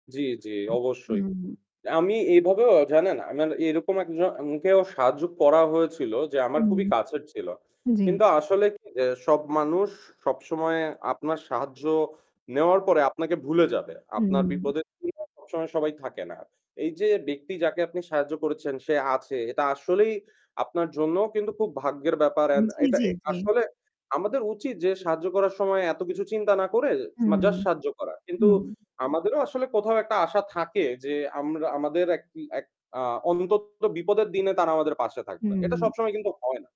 জি, জি উ অবশ্যই। হুম। আমি এভাবেও জানেন, আমার এরকম একজন-কেও সাহায্য করা হয়েছিল যে আমার খুবই হুম, কাছের ছিল। জি। কিন্তু আসলে এ সব মানুষ সবসময়ে আপনার সাহায্য নেওয়ার পরে আপনাকে ভুলে যাবে। আপনার হুম। বিপদের দিনে সবসময় সবাই থাকে না। এই যে ব্যক্তি যাকে আপনি সাহায্য করেছেন সে আছে এটা আসলেই আপনার জন্যেও কিন্তু খুব ভাগ্যের ব্যাপার। উ এন জি, এটা জি, জি। আসলে আমাদের উচিত যে সাহায্য করার সময় এত কিছু চিন্তা না করে মা হুম, জাস্ট সাহায্য করা। কিন্তু হুম। আমাদেরও আসলে কোথাও একটা আশা থাকে যে আমরা আমাদের এক এক আ অন্তত বিপদের দিনে তারা আমাদের পাশে থাকবে। এটা হুম। সবসময় কিন্তু হয় না।